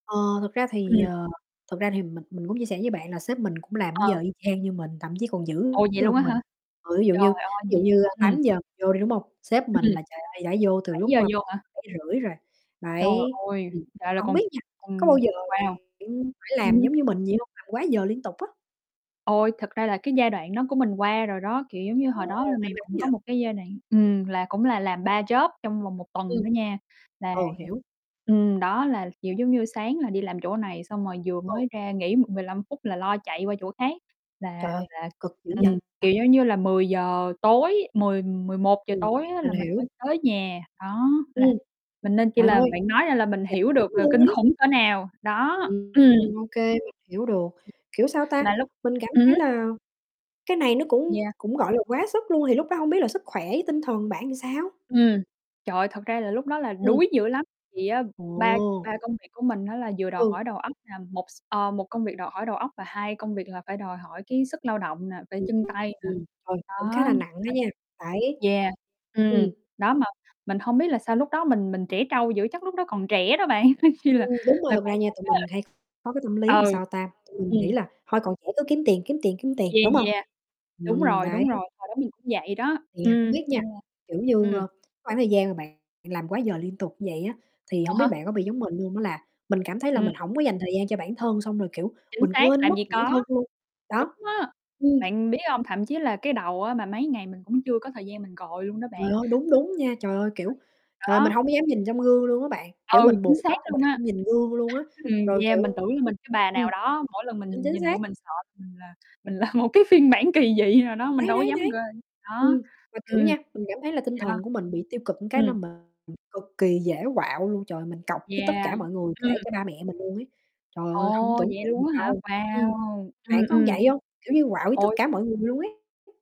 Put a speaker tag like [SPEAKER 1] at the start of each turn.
[SPEAKER 1] Ờ, thực ra thì,
[SPEAKER 2] Ừm.
[SPEAKER 1] ờ, thực ra thì mình mình cũng chia sẻ với bạn là sếp mình cũng làm cái
[SPEAKER 2] Ờ.
[SPEAKER 1] giờ y chang như mình, thậm chí còn dữ
[SPEAKER 2] Ồ, vậy luôn á
[SPEAKER 1] hơn
[SPEAKER 2] hả?
[SPEAKER 1] mình. Ờ, ví dụ
[SPEAKER 2] Trời
[SPEAKER 1] như ví
[SPEAKER 2] ơi,
[SPEAKER 1] dụ
[SPEAKER 2] vậy
[SPEAKER 1] như, ơ,
[SPEAKER 2] ừm.
[SPEAKER 1] 8:00 vô đi, đúng hông? Sếp mình
[SPEAKER 2] Ừm.
[SPEAKER 1] là, trời ơi, đã vô từ
[SPEAKER 2] bảy
[SPEAKER 1] lúc,
[SPEAKER 2] giờ
[SPEAKER 1] a,
[SPEAKER 2] vô hả?
[SPEAKER 1] 7:30 rồi,
[SPEAKER 2] Trời
[SPEAKER 1] bảy
[SPEAKER 2] ơi,
[SPEAKER 1] ừm,
[SPEAKER 2] lại là
[SPEAKER 1] hổng
[SPEAKER 2] con
[SPEAKER 1] biết nha, có bao
[SPEAKER 2] con
[SPEAKER 1] giờ bạn
[SPEAKER 2] wow.
[SPEAKER 1] phải
[SPEAKER 2] Ừm
[SPEAKER 1] làm
[SPEAKER 2] hưm.
[SPEAKER 1] giống như mình vậy hông, làm quá giờ liên tục á?
[SPEAKER 2] Ôi, thực ra là cái giai đoạn đó của mình qua rồi đó, kiểu giống như, hồi đó là
[SPEAKER 1] Ồ, may
[SPEAKER 2] mình
[SPEAKER 1] mắn
[SPEAKER 2] cũng có
[SPEAKER 1] vậy.
[SPEAKER 2] một cái giai đoạn ừm, là cũng là làm 3 job trong vòng 1 tuần
[SPEAKER 1] Ừm.
[SPEAKER 2] đó nha, là
[SPEAKER 1] Ừ, hiểu.
[SPEAKER 2] ừm, ừm, đó là, kiểu giống như, sáng là đi làm chỗ này, xong rồi vừa mới
[SPEAKER 1] [unintelligible]
[SPEAKER 2] ra nghỉ m 15 phút là lo chạy qua chỗ khác là
[SPEAKER 1] Trời ơi,
[SPEAKER 2] là
[SPEAKER 1] cực dữ vậy?
[SPEAKER 2] ừm, kiểu,
[SPEAKER 1] [unintelligible]
[SPEAKER 2] giống như là, 10:00 tối, 10:00-11:00
[SPEAKER 1] Ừm.
[SPEAKER 2] tối á
[SPEAKER 1] Mình
[SPEAKER 2] là mình
[SPEAKER 1] hiểu.
[SPEAKER 2] mới tới nhà. Đó, là
[SPEAKER 1] Ừm.
[SPEAKER 2] mình nên chi
[SPEAKER 1] Trời
[SPEAKER 2] là
[SPEAKER 1] ơi!
[SPEAKER 2] bạn nói ra là mình
[SPEAKER 1] [unintelligible]
[SPEAKER 2] hiểu được là
[SPEAKER 1] Luôn
[SPEAKER 2] kinh
[SPEAKER 1] ấy.
[SPEAKER 2] khủng cỡ nào. Đó.
[SPEAKER 1] Ừm,
[SPEAKER 2] Ừm.
[SPEAKER 1] [unintelligible] ô kê hiểu được. Kiểu, sao ta,
[SPEAKER 2] Mà lúc
[SPEAKER 1] mình cảm
[SPEAKER 2] ừm
[SPEAKER 1] thấy
[SPEAKER 2] hứm.
[SPEAKER 1] là cái này nó cũng
[SPEAKER 2] Yeah.
[SPEAKER 1] cũng, gọi là, quá sức luôn thì lúc đó hông biết là sức khỏe với tinh thần bạn thì sao?
[SPEAKER 2] Ừm. Trời ơi thật ra là lúc đó là
[SPEAKER 1] Ừm.
[SPEAKER 2] đuối dữ lắm, thì á ba
[SPEAKER 1] Ồ.
[SPEAKER 2] ba công việc của mình á là vừa đòi
[SPEAKER 1] Ừ.
[SPEAKER 2] hỏi đầu óc nè, một s ơ, 1 công việc đòi hỏi đầu óc và 2 công việc là phải đòi hỏi cái sức lao động nè, phải
[SPEAKER 1] Ừm,
[SPEAKER 2] chân tay nè.
[SPEAKER 1] ừm. Trời, cũng khá
[SPEAKER 2] Đó.
[SPEAKER 1] là nặng á nha, phải
[SPEAKER 2] Nên yeah. Ừm.
[SPEAKER 1] ừm.
[SPEAKER 2] Đó mà mình hông biết là sao lúc đó mình mình trẻ trâu dữ, chắc lúc đó còn trẻ đó bạn, coi như là
[SPEAKER 1] Ừm, đúng rồi
[SPEAKER 2] tài
[SPEAKER 1] thực ra
[SPEAKER 2] khoản
[SPEAKER 1] nha,
[SPEAKER 2] sắp
[SPEAKER 1] tụi mình
[SPEAKER 2] hết.
[SPEAKER 1] hay có cái tâm lý làm
[SPEAKER 2] Ừ.
[SPEAKER 1] sao ta, tụi mình nghĩ
[SPEAKER 2] Ừm.
[SPEAKER 1] là thôi còn trẻ cứ kiếm tiền, kiếm tiền, kiếm tiền,
[SPEAKER 2] Yeah,
[SPEAKER 1] đúng hông?
[SPEAKER 2] yeah, đúng
[SPEAKER 1] Ừm,
[SPEAKER 2] rồi,
[SPEAKER 1] đấy.
[SPEAKER 2] đúng rồi. Hồi đó mình cũng vậy đó,
[SPEAKER 1] Thì, à, hổng
[SPEAKER 2] ừm,
[SPEAKER 1] biết nha,
[SPEAKER 2] nên là
[SPEAKER 1] kiểu như,
[SPEAKER 2] ừm.
[SPEAKER 1] ơ, cái khoảng thời gian mà bạn làm quá giờ liên tục như vậy á thì
[SPEAKER 2] À
[SPEAKER 1] hổng biết
[SPEAKER 2] há.
[SPEAKER 1] bạn có bị giống mình hông á là mình cảm thấy là
[SPEAKER 2] Ừm.
[SPEAKER 1] mình hổng có dành thời gian cho bản thân, xong rồi, kiểu,
[SPEAKER 2] Chính
[SPEAKER 1] mình
[SPEAKER 2] xác,
[SPEAKER 1] quên
[SPEAKER 2] làm
[SPEAKER 1] mất
[SPEAKER 2] gì
[SPEAKER 1] bản thân
[SPEAKER 2] có.
[SPEAKER 1] luôn. Đó.
[SPEAKER 2] Đúng á.
[SPEAKER 1] Ừm.
[SPEAKER 2] Bạn biết hông, thậm chí là cái đầu á mà mấy ngày mình cũng chưa có thời gian mình gội luôn đó bạn,
[SPEAKER 1] Trời ơi, đúng,
[SPEAKER 2] xong
[SPEAKER 1] đúng
[SPEAKER 2] rồi
[SPEAKER 1] nha, trời ơi, kiểu,
[SPEAKER 2] [unintelligible]
[SPEAKER 1] trời ơi mình
[SPEAKER 2] đó.
[SPEAKER 1] hông có dám nhìn trong gương luôn á bạn, kiểu
[SPEAKER 2] Ừ,
[SPEAKER 1] mình
[SPEAKER 2] chính
[SPEAKER 1] buộc
[SPEAKER 2] xác
[SPEAKER 1] tóc mà
[SPEAKER 2] luôn
[SPEAKER 1] mình
[SPEAKER 2] á.
[SPEAKER 1] không nhìn gương luôn á,
[SPEAKER 2] Ừm,
[SPEAKER 1] rồi
[SPEAKER 2] yeah,
[SPEAKER 1] kiểu
[SPEAKER 2] mình tưởng là mình cái bà nào
[SPEAKER 1] ưm.
[SPEAKER 2] đó, mỗi lần
[SPEAKER 1] Ừm,
[SPEAKER 2] mình
[SPEAKER 1] chính
[SPEAKER 2] nhìn vô
[SPEAKER 1] xác.
[SPEAKER 2] mình sợ mình là mình là một cái phiên bản kỳ dị nào đó, mình
[SPEAKER 1] Đấy,
[SPEAKER 2] đâu có
[SPEAKER 1] đấy,
[SPEAKER 2] dám g
[SPEAKER 1] đấy.
[SPEAKER 2] đó.
[SPEAKER 1] Ừm. Mà kiểu
[SPEAKER 2] Ừm.
[SPEAKER 1] nha, mình cảm thấy là tinh
[SPEAKER 2] Yeah.
[SPEAKER 1] thần của mình bị tiêu cực một cái là
[SPEAKER 2] Ừm.
[SPEAKER 1] mình cực kỳ dễ quạu luôn, trời ơi, mình cọc với tất
[SPEAKER 2] Yeah.
[SPEAKER 1] cả mọi người, kể
[SPEAKER 2] Ừm.
[SPEAKER 1] cả ba mẹ mình luôn ấy. Trời ơi, hông có
[SPEAKER 2] Ồ,
[SPEAKER 1] tưởng
[SPEAKER 2] vậy
[SPEAKER 1] tượng
[SPEAKER 2] luôn
[SPEAKER 1] được
[SPEAKER 2] á hả?
[SPEAKER 1] đâu. Ừm.
[SPEAKER 2] Wow.
[SPEAKER 1] Bạn
[SPEAKER 2] Ừm,
[SPEAKER 1] có
[SPEAKER 2] ừm.
[SPEAKER 1] vậy hông, kiểu như quạu với tất
[SPEAKER 2] Ôi!
[SPEAKER 1] cả mọi người luôn ấy?